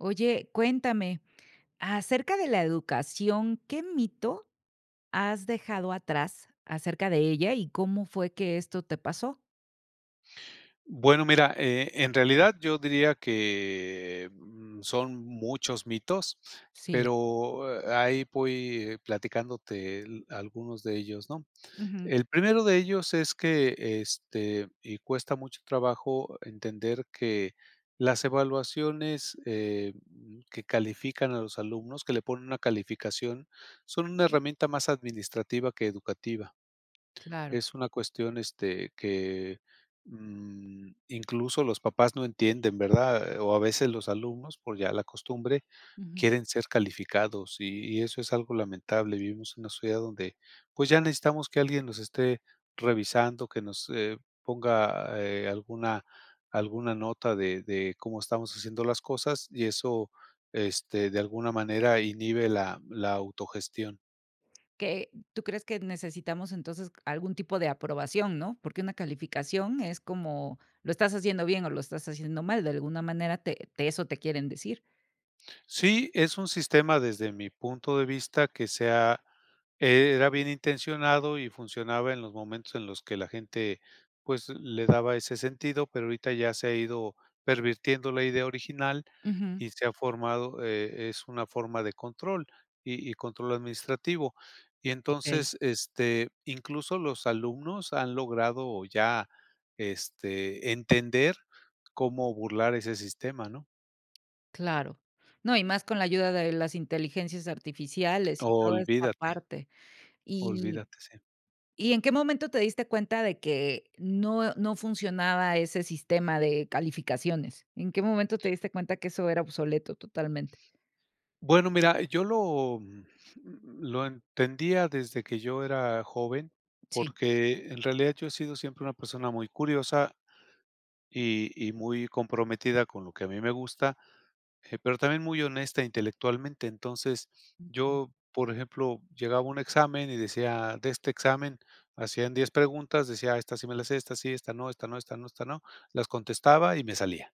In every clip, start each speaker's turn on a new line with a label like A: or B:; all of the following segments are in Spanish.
A: Oye, cuéntame, acerca de la educación, ¿qué mito has dejado atrás acerca de ella y cómo fue que esto te pasó?
B: Bueno, mira, e en realidad yo diría que, mm, son muchos mitos,
A: Sí.
B: pero, eh, a ahí voy platicándote el algunos de ellos, ¿no?,
A: Ujú.
B: el primero de ellos es que, este, y cuesta mucho trabajo entender que las evaluaciones, eh, mm, que califican a los alumnos, que le ponen una calificación, son una herramienta más administrativa que educativa,
A: Claro.
B: es una cuestión, este, que, mm, incluso los papás no entienden, ¿verdad? O a veces los alumnos, por ya la costumbre,
A: Ujú.
B: quieren ser calificados y y eso es algo lamentable, vivimos en una sociedad donde, pues, ya necesitamos que alguien nos esté revisando, que nos, eh, ponga, eh, alguna alguna nota de de cómo estamos haciendo las cosas, y eso, este, de alguna manera inhibe la la autogestión.
A: ¿Que tú crees que necesitamos, entonces, algún tipo de aprobación?, ¿No?, porque una calificación es como, lo estás haciendo bien o lo estás haciendo mal, de alguna manera te te eso te quieren decir.
B: Sí, es un sistema, desde mi punto de vista, que se ha era bien intencionado y funcionaba en los momentos en los que la gente, pues, le daba ese sentido, pero ahorita ya se ha ido pervirtiendo la idea original
A: Ujú.
B: y se ha formado, e es una forma de control, y y control administrativo, y
A: Okey.
B: entonces, este, incluso los alumnos han logrado ya, este, entender cómo burlar ese sistema, ¿no?
A: Claro, no, y más con la ayuda de las inteligencias artificiales y toda esta
B: Olvídate.
A: parte, y
B: Olvídate, sí.
A: y, ¿en qué momento te diste cuenta de que no no funcionaba ese sistema de calificaciones? ¿En qué momento te diste cuenta que eso era obsoleto totalmente?
B: Bueno, mira, yo lo mm, lo entendía desde que yo era joven,
A: Sí.
B: porque, en realidad, yo he sido siempre una persona muy curiosa, y y muy comprometida con lo que a mí me gusta, eh, pero también muy honesta intelectualmente, entonces,
A: Ujú.
B: yo, por ejemplo, llegaba a un examen y decía: "De este examen hacían 10 preguntas", decía: "Esta sí me la sé, esta sí, esta no, esta no, esta no, esta no, las contestaba y me salía",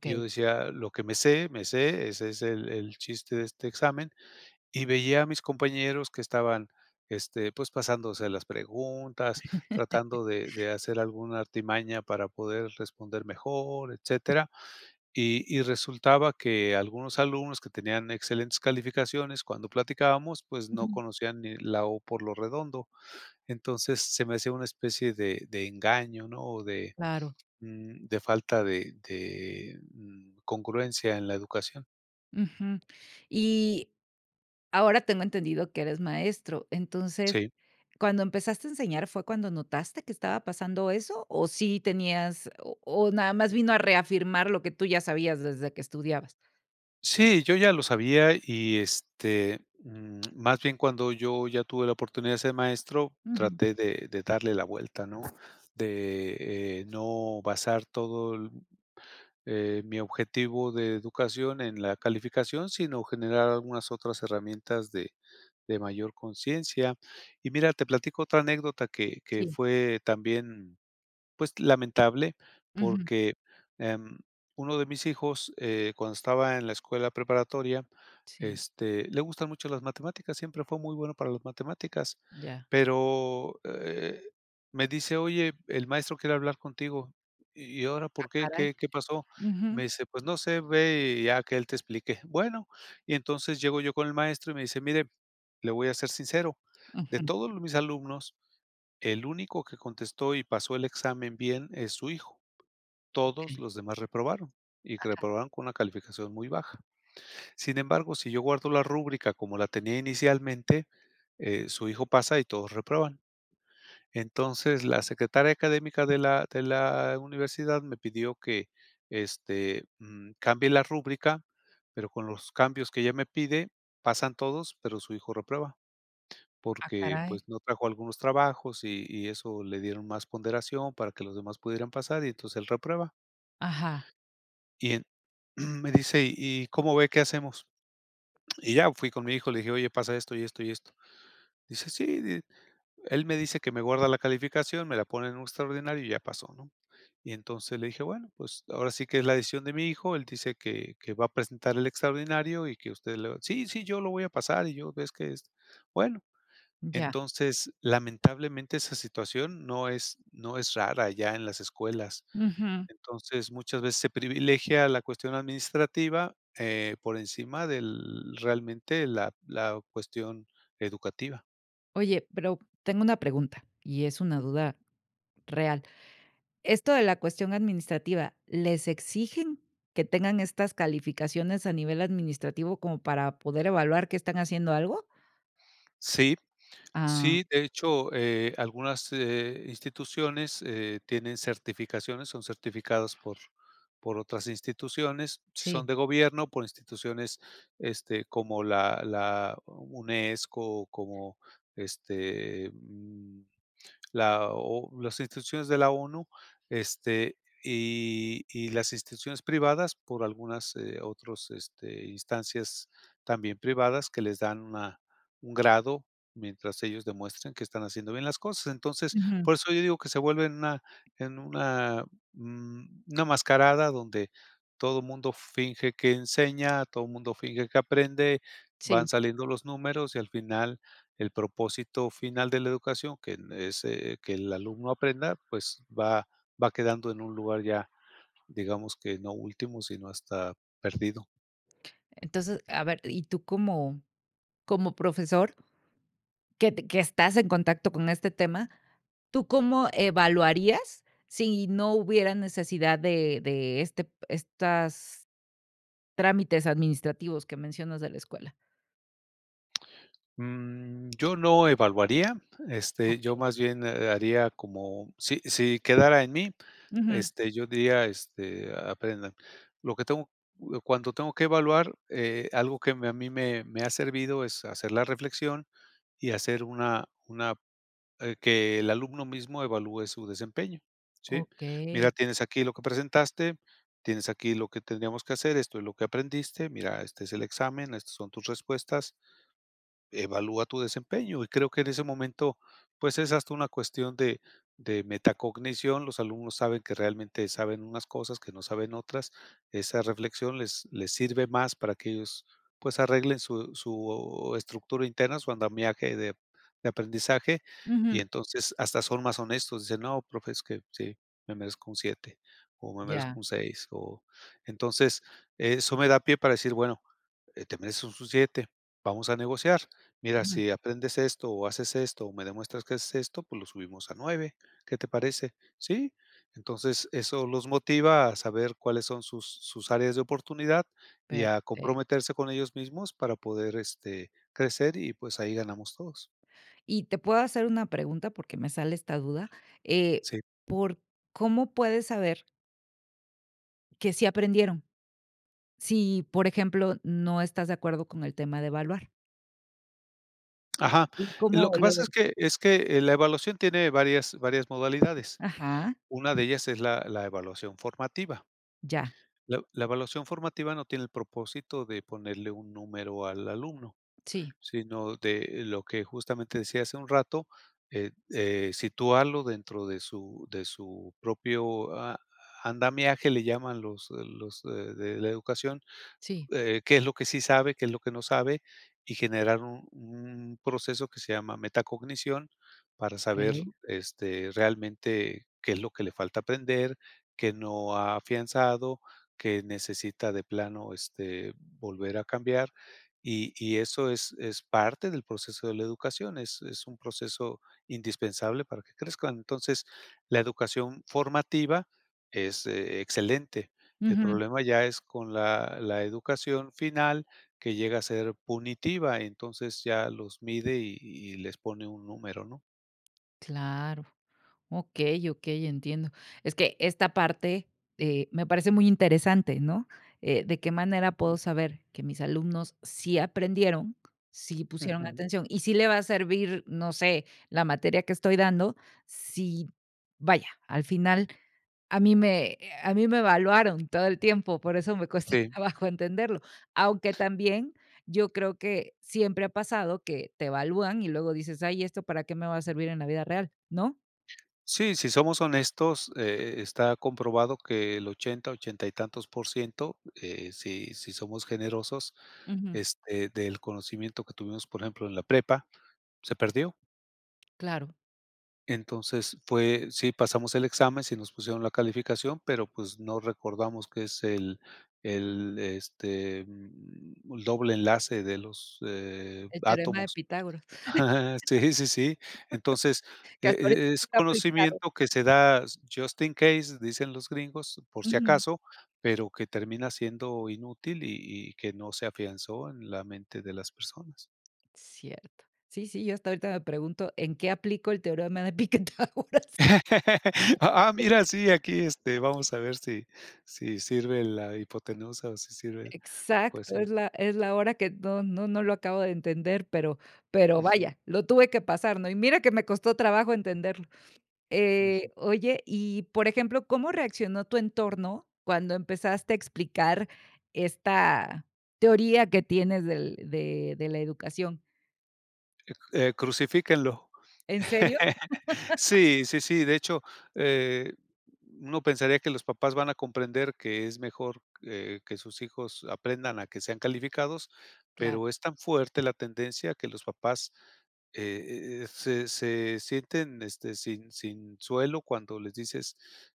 B: y yo decía: "Lo que me sé, me sé, ese es el el chiste de este examen", y veía a mis compañeros que estaban, este, pues, pasándose las preguntas, tratando de de hacer alguna artimaña para poder responder mejor, etcétera, y y resultaba que algunos alumnos que tenían excelentes calificaciones, cuando platicábamos, pues, no
A: Ujú.
B: conocían ni la o por lo redondo, entonces se me hacía una especie de de engaño ¿no?, o de,
A: Claro.
B: mm, de falta de de, mm, congruencia en la educación.
A: Ujú. Y, ahora tengo entendido que eres maestro. Entonces,
B: Sí.
A: cuando empezaste a enseñar, ¿fue cuando notaste que estaba pasando eso? o sí tenías ¿O o nada más vino a reafirmar, lo que tú ya sabías, desde que estudiabas?
B: Sí, yo ya lo sabía. Y, este, mm, más bien, cuando yo ya tuve la oportunidad de ser maestro,
A: Ujú.
B: traté de de darle la vuelta, ¿no? De, eh, no basar todo l eh, mi objetivo de educación, en la calificación, sino generar algunas otras herramientas, de de mayor consciencia. Y mira, te platico otra anécdota, que que
A: Sí.
B: fue también, pues, lamentable.
A: Ujú.
B: Porque, em, uno de mis hijos, eh, cuando estaba en la escuela preparatoria,
A: Sí.
B: este, le gustan mucho las matemáticas, siempre fue muy bueno para las matemáticas.
A: Ya.
B: Pero, eh, me dice: "Oye, el maestro quiere hablar contigo". '¿Y ahora
A: Ah,
B: por qué?
A: caray.
B: ¿Qué qué pasó'". Me
A: Ujú.
B: dice: "Pues no sé. Ve, y ya que él te explique. 'Bueno'". Y entonces, llego yo con el maestro, y me dice: "Mire, le voy a ser sincero. De
A: Ujú.
B: todos mis alumnos, el único que contestó y pasó el examen bien, es su hijo. Todos
A: Okey.
B: los demás reprobaron. Y que
A: Ajá.
B: reprobaron con una calificación muy baja. "Sin embargo, si yo guardo la rúbrica como la tenía inicialmente, eh, su hijo pasa, y todos reprueban. Entonces, la Secretaria académica de la de la universidad, me pidió que, este, mm, cambie la rúbrica. Pero, con los cambios que ella me pide, pasan todos, pero su hijo reprueba.
A: Ah,
B: Porque,
A: caray.
B: pues, no trajo algunos trabajos, y y eso le dieron más ponderación, para que los demás pudieran pasar, y entonces él reprueba".
A: Ajá.
B: Y en Me dice: "Y, ¿cómo ve? ¿Qué hacemos?". Y ya fui con mi hijo, le dije: "Oye, pasa esto, y esto, y esto." Dice: "Sí. Di él me dice que me guarda la calificación, me la pone en un extraordinario, y ya paso, ¿no?". Y entonces, le dije: "Bueno. Pues, ahora sí, que es la decisión de mi hijo. Él dice que que va a presentar el extraordinario, y que usted le va. 'Sí, sí, yo lo voy a pasar'". Y yo: "Ves que esto". Bueno.
A: Ya.
B: Entonces, lamentablemente esa situación no es no es rara, ya en las escuelas.
A: Ujú.
B: Entonces, muchas veces, se privilegia la cuestión administrativa, eh, por encima del realmente, la la cuestión educativa.
A: Oye, pero tengo una pregunta y es una duda
B: Ujú.
A: real. Esto de la cuestión administrativa, ¿les exigen que tengan estas calificaciones a nivel administrativo como para poder evaluar que están haciendo algo?
B: Sí,
A: Ah.
B: sí, de hecho, eh, algunas, eh, instituciones, eh, tienen certificaciones, son certificadas por por otras instituciones, si son
A: Sí.
B: de gobierno por instituciones este como la la UNESCO, como, este, mm, la o las instituciones de la ONU, este, y y las instituciones privadas por algunas, eh, otros, este, instancias también privadas que les dan una un grado mientras ellos demuestran que están haciendo bien las cosas. Entonces,
A: Ujú.
B: por eso yo digo que se vuelven una en una, mm, una mascarada donde todo mundo finge que enseña, todo mundo finge que aprende, van
A: Sí.
B: saliendo los números y al final el propósito final de la educación que es, eh, que el alumno aprenda, pues va va quedando en un lugar ya, digamos que no último, sino hasta perdido.
A: Entonces, a ver, y tú cómo cómo profesor que que estás en contacto con este tema, ¿tú cómo evaluarías si no hubiera necesidad de de este estas trámites administrativos que mencionas de la escuela?
B: Mm, yo no evaluaría, este, yo
A: Okey.
B: más bien, eh, haría como, si si quedara en mí,
A: Ujú.
B: este, yo diría, este, aprendan, lo que tengo, cu cuando tengo que evaluar, eh, algo que me, a mí me me ha servido, es hacer la reflexión y hacer una una eh, que el alumno mismo evalúe su desempeño, ¿sí? "Mira,
A: Okey.
B: tienes aquí lo que presentaste, tienes aquí lo que tendríamos que hacer, esto es lo que aprendiste, mira, este es el examen, estas son tus respuestas, evalúa tu desempeño", y creo que, en ese momento, pues, es hasta una cuestión de de metacognición, los alumnos saben que realmente saben unas cosas que no saben otras, esa reflexión les les sirve más para que ellos, pues, arreglen su su estructura interna, su andamiaje de de aprendizaje, y
A: Ujú.
B: entonces hasta son más honestos, dicen: "No profe, es que sí, me merezco un 7, o me merezco
A: Ya.
B: un 6", o, entonces eso me da pie para decir: "Bueno, eh, te mereces un 7, vamos a negociar, mira,
A: Ujú.
B: si aprendes esto, o haces esto, o me demuestras que haces esto, pues, lo subimos a 9, ¿qué te parece?", "Sí", entonces eso los motiva a saber cuáles son sus sus áreas de oportunidad y a
A: Perfecto.
B: comprometerse con ellos mismos para poder, este, crecer y, pues, ahí ganamos todos.
A: ¿Y te puedo hacer una pregunta?, porque me sale esta duda, eh,
B: Sí.
A: por ¿cómo puedes saber? ¿que sí aprendieron?, si, por ejemplo, no estás de acuerdo con el tema de evaluar.
B: Ajá,
A: ¿Y
B: lo
A: cómo
B: que
A: lo
B: pasa es
A: detectas?
B: que es que, eh, la evaluación tiene varias varias modalidades,
A: Ajá.
B: una de ellas es la la evaluación formativa.
A: Ya.
B: La la evaluación formativa no tiene el propósito de ponerle un número al alumno,
A: Sí.
B: sino de lo que justamente decía hace un rato, eh eh, situarlo dentro de su de su propio a andamiaje, le llaman los los de de la educación,
A: Sí.
B: eh, qué es lo que sí sabe, qué es lo que no sabe y generar un un proceso que se llama metacognición, para saber,
A: Okey.
B: este, realmente qué es lo que le falta aprender, qué no ha afianzado, qué necesita de plano, este, volver a cambiar, y y eso es es parte del proceso de la educación, es es un proceso indispensable para que crezcan, entonces, la educación formativa es excelente, el
A: Ujú.
B: problema ya es con la la educación final que llega a ser punitiva, entonces ya los mide, y y les pone un número, ¿no?
A: Claro. Okey, okey, entiendo. Es que esta parte, eh, me parece muy interesante, ¿no? Eh, ¿de qué manera puedo
B: Mm.
A: saber que mis alumnos sí aprendieron, sí pusieron
B: Ujú.
A: atención? Y sí le va a servir, no sé, la materia que estoy dando si, vaya, al final a mí me, eh, a mí me evaluaron todo el tiempo, por eso me cuesta
B: Sí.
A: trabajo entenderlo. Aunque también, yo creo que siempre ha pasado que te evalúan y luego dices: "Ay, ¿esto para qué me va a servir en la vida real?" ¿No?
B: Sí, si somos honestos, eh, está comprobado que el 80, 80 y tantos por ciento eh, si si somos generosos,
A: Ujú.
B: este, del conocimiento que tuvimos, por ejemplo, en la prepa, se perdió.
A: Claro.
B: Entonces, fue sí pasamos el examen, sí nos pusieron la calificación, pero, pues, no recordamos qué es el el, este, mm, el doble enlace de los, eh,
A: El teorema de
B: átomos.
A: Pitágoras
B: Sí, sí, sí. Entonces,
A: que
B: e
A: hasta ahorita
B: e es
A: nunca he aplicado.
B: conocimiento que se da just in case, dicen los gringos, por si
A: Ujú.
B: acaso, pero que termina siendo inútil y y que no se afianzó en la mente de las personas.
A: Cierto. Sí, sí, yo hasta ahorita me pregunto, ¿en qué aplico el teorema de Pitágoras? Ahora sí.
B: Ah, ah, mira, sí, aquí, este, vamos a ver si si sirve la hipotenusa o si sirve, pues
A: Exacto,
B: sí.
A: es la es la hora que no no no lo acabo de entender, pero pero,
B: Ujú.
A: vaya, lo tuve que pasar, ¿no? Y mira que me costó trabajo entenderlo,
B: Ujú.
A: eh, oye, y por ejemplo, ¿cómo reaccionó tu entorno cuando empezaste a explicar esta teoría que tienes del de de la educación?
B: Eh, crucifíquenlo.
A: ¿En serio?
B: Sí, sí, sí, de hecho, eh, uno pensaría que los papás van a comprender que es mejor que que sus hijos aprendan a que sean calificados,
A: Claro.
B: pero es tan fuerte la tendencia que los papás, eh eh eh, se se sienten, este, sin sin suelo cuando les dices,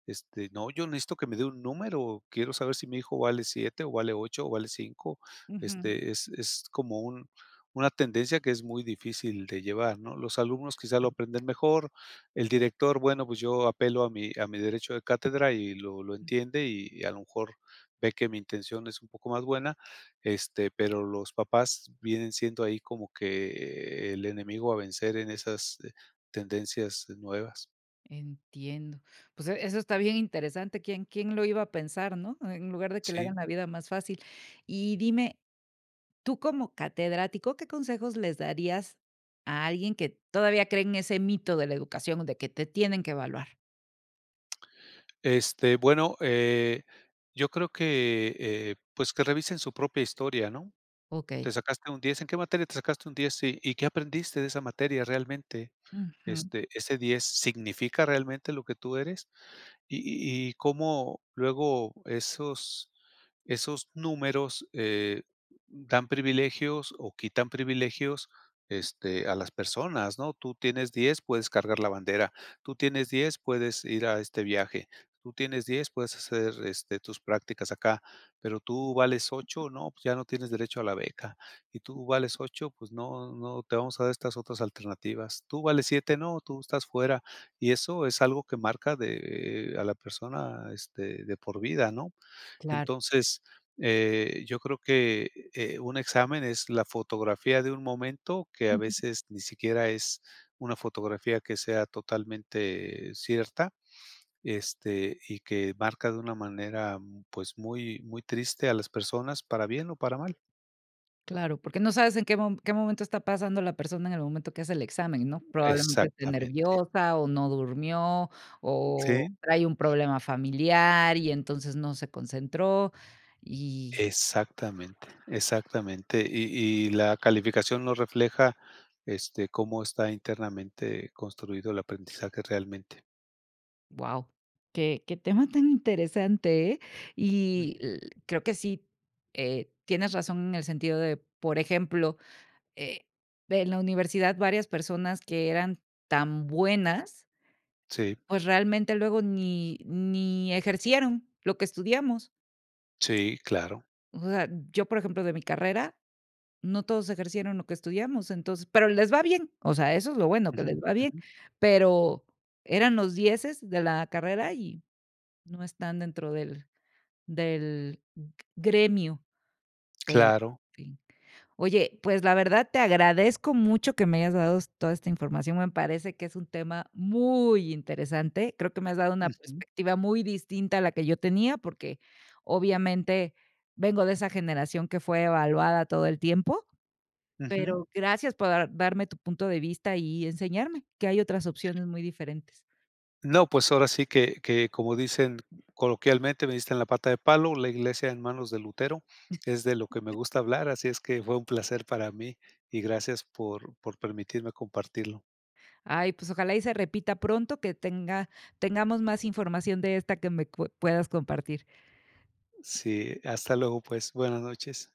B: este: "No, yo necesito que me dé un número, quiero saber si mi hijo vale 7 o vale 8 o vale 5".
A: Ujú.
B: Este, es es como un una tendencia que es muy difícil de llevar, ¿no? Los alumnos quizá lo aprenden mejor. El director, bueno, pues, yo apelo a mi a mi derecho de cátedra y lo lo entiende y, a lo mejor, ve que mi intención es un poco más buena, este, pero los papás vienen siendo ahí como que el enemigo a vencer en esas tendencias nuevas.
A: Entiendo. Pues, e eso está bien interesante, ¿quién quién lo iba a pensar, no? En lugar de que le hagan
B: Sí.
A: la vida más fácil. Y dime, tú como catedrático, ¿qué consejos les darías a alguien que todavía cree en ese mito de la educación, de que te tienen que evaluar?
B: Este, bueno, eh, yo creo que, eh, pues, que revisen su propia historia, ¿no?,
A: Okey.
B: "Te sacaste un 10, ¿en qué materia te sacaste un 10?, sí, ¿y qué aprendiste de esa materia realmente?
A: Ujú.
B: Este, ese 10, ¿significa realmente lo que tú eres?" Y y y cómo luego esos esos números, eh, dan privilegios o quitan privilegios, este, a las personas, ¿no? "Tú tienes 10 puedes cargar la bandera, tú tienes 10 puedes ir a este viaje, tú tienes 10 puedes hacer, este, tus prácticas acá, pero tú vales 8 no, pues, ya no tienes derecho a la beca, y tú vales 8 pues, no, no, te vamos a dar estas otras alternativas, tú vales 7 no, tú estás fuera". Y eso es algo que marca de a la persona, este, de por vida, ¿no?
A: Claro.
B: Entonces, eh, yo creo que, eh, un examen es la fotografía de un momento, que, a veces, ni siquiera es una fotografía que sea totalmente cierta, este, y que marca de una manera, pues, muy, muy triste a las personas para bien o para mal.
A: Claro, porque no sabes en qué mo qué momento está pasando la persona en el momento que hace el examen, ¿no?, probablemente esté
B: Exactamente.
A: nerviosa, o no durmió, o
B: Sí.
A: trae un problema familiar y, entonces, no se concentró y
B: Exactamente, exactamente. Y y la calificación no refleja, este, cómo está internamente construido el aprendizaje realmente.
A: Guau, qué qué tema tan interesante, eh.
B: Uh.
A: Y l creo que sí, eh, tienes razón en el sentido de por ejemplo, eh, en la universidad varias personas que eran tan buenas
B: Sí.
A: pues, realmente, luego ni ni ejercieron lo que estudiamos.
B: Sí, claro.
A: O sea, yo, por ejemplo, de mi carrera, no todos ejercieron lo que estudiamos. Entonces pero les va bien, o sea, eso es lo bueno que
B: Ujú,
A: les va bien,
B: ujú.
A: pero eran los dieces de la carrera, y no están dentro del del g gremio, en
B: Claro.
A: fin. Oye, pues, la verdad, te agradezco mucho que me hayas dado toda esta información, me parece que es un tema muy interesante, creo que me has dado una
B: Ujú.
A: perspectiva muy distinta a la que yo tenía, porque obviamente, vengo de esa generación que fue evaluada todo el tiempo,
B: Ujú.
A: pero gracias por dar darme tu punto de vista y enseñarme que hay otras opciones muy diferentes.
B: No, pues, ahora sí que que, como dicen coloquialmente: "Me diste en la pata de palo, la iglesia en manos de Lutero", es de lo que me gusta hablar, así es que fue un placer para mí y gracias por por permitirme compartirlo.
A: Ay, pues, ojalá y se repita pronto que tenga tengamos más información de esta que me cu puedas compartir.
B: Sí, hasta luego, pues, buenas noches.